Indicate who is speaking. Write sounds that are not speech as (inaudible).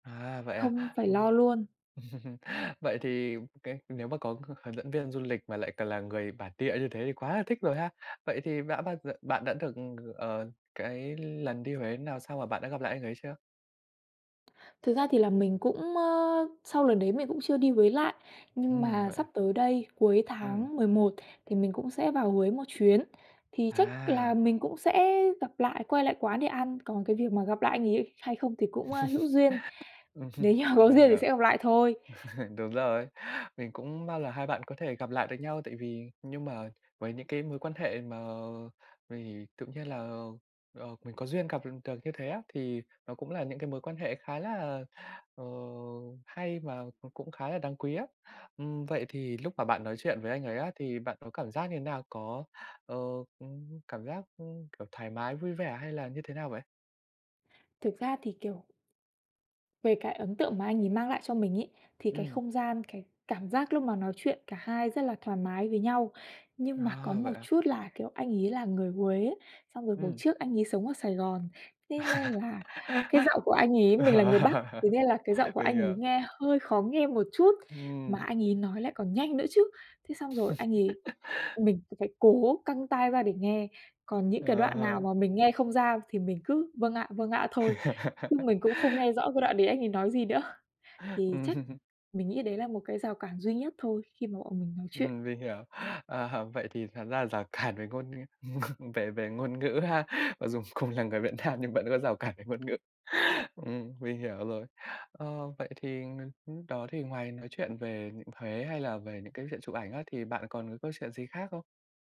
Speaker 1: À, vậy à?
Speaker 2: Không phải lo
Speaker 1: Ừm.
Speaker 2: luôn.
Speaker 1: (laughs) Vậy thì cái nếu mà có h hướng dẫn viên du lịch mà lại còn là người bản địa như thế thì quá là thích rồi ha. Vậy thì đã bao giờ bạn đã được, ờ, cái lần đi Huế nào sau mà bạn đã gặp lại anh ấy chưa?
Speaker 2: Thực ra thì là mình cũng, ơ, sau lần đấy mình cũng chưa đi Huế lại, nhưng
Speaker 1: Ừm,
Speaker 2: mà
Speaker 1: vậy
Speaker 2: sắp
Speaker 1: à?
Speaker 2: tới đây, cuối
Speaker 1: Ừm.
Speaker 2: tháng 11 thì mình cũng sẽ vào Huế một chuyến, thì chắc là
Speaker 1: À!
Speaker 2: mình cũng sẽ gặp lại, quay lại quán để ăn, còn cái việc mà gặp lại anh ấy hay không thì cũng, ơ, hữu duyên, nếu
Speaker 1: (laughs)
Speaker 2: như mà có
Speaker 1: Mình
Speaker 2: duyên thì
Speaker 1: hiểu.
Speaker 2: sẽ gặp lại thôi.
Speaker 1: (laughs) Đúng rồi. Mình cũng mong là hai bạn có thể gặp lại được nhau tại vì nhưng mà với những cái mối quan hệ mà vì tự nhiên là, ờ, mình có duyên gặp được được như thế á, thì nó cũng là những cái mối quan hệ khá là, ờ, hay và c cũng khá là đáng quý á. Ừm, vậy thì lúc mà bạn nói chuyện với anh ấy á thì bạn có cảm giác như thế nào? Có, ờ, cảm giác, ơ, kiểu, thoải mái, vui vẻ hay là như thế nào vậy?
Speaker 2: Thực ra thì, kiểu về cái ấn tượng mà anh ấy mang lại cho mình ấy, thì cái
Speaker 1: Ừm.
Speaker 2: không gian, cái cảm giác lúc mà nói chuyện cả hai rất là thoải mái với nhau. Nhưng mà có
Speaker 1: À, vậy
Speaker 2: một
Speaker 1: à?
Speaker 2: chút là, kiểu, anh ấy là người Huế ấy, xong rồi hồi
Speaker 1: Ừm.
Speaker 2: trước anh ấy sống ở Sài Gòn, thế nên
Speaker 1: (laughs)
Speaker 2: là cái giọng của anh ấy mình là người Bắc, thế
Speaker 1: (laughs)
Speaker 2: nên là cái giọng của
Speaker 1: Mình
Speaker 2: anh ấy
Speaker 1: hiểu.
Speaker 2: nghe hơi khó nghe một chút. Mà
Speaker 1: Ừm.
Speaker 2: anh ấy nói lại còn nhanh nữa chứ, thế xong rồi anh ấy
Speaker 1: (laughs)
Speaker 2: mình phải cố căng tai ra để nghe, còn những cái
Speaker 1: Ờ
Speaker 2: đoạn nào
Speaker 1: hả?
Speaker 2: mà mình nghe không ra thì mình cứ "Vâng ạ, vâng ạ" thôi, chứ
Speaker 1: (laughs)
Speaker 2: mình cũng không nghe rõ cái đoạn đấy anh ấy nói gì nữa. Thì chắc
Speaker 1: Ừm.
Speaker 2: mình nghĩ đấy là một cái rào cản duy nhất thôi khi mà bọn mình nói chuyện.
Speaker 1: Ừm, mình hiểu. Ờ, vậy thì thật ra rào cản về ngôn (laughs) về về ngôn ngữ ha. Mặc dù cùng là người Việt Nam nhưng vẫn có rào cản về ngôn ngữ, ừm, mình hiểu rồi. Ờ, vậy thì lúc đó thì ngoài nói chuyện về Huế hay là về những cái chuyện chụp ảnh á thì bạn còn có câu chuyện gì khác không?